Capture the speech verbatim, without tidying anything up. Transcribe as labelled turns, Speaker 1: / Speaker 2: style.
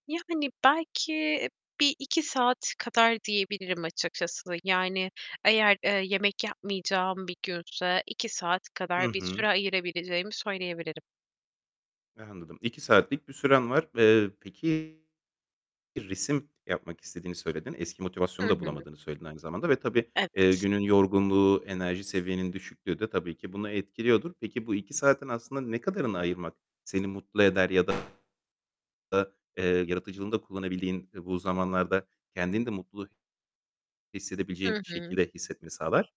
Speaker 1: Yani belki bir iki saat kadar diyebilirim açıkçası. Yani eğer, eee, yemek yapmayacağım bir günse iki saat
Speaker 2: Hı
Speaker 1: kadar bir
Speaker 2: hı.
Speaker 1: süre ayırabileceğimi söyleyebilirim.
Speaker 2: Anladım. iki saatlik bir süren var. Eee, peki, resim yapmak istediğini söyledin. Eski
Speaker 1: Hı
Speaker 2: motivasyonu da
Speaker 1: hı.
Speaker 2: bulamadığını söyledin aynı zamanda ve tabii, eee,
Speaker 1: Evet.
Speaker 2: günün yorgunluğu, enerji seviyenin düşüklüğü de tabii ki bunu etkiliyordur. Peki bu iki saatin aslında ne kadarını ayırmak seni mutlu eder ya da, eee, yaratıcılığını da kullanabildiğin, eee, bu zamanlarda kendini de mutlu hissedebileceğin
Speaker 1: Hı hı.
Speaker 2: şekilde hissetmeni sağlar?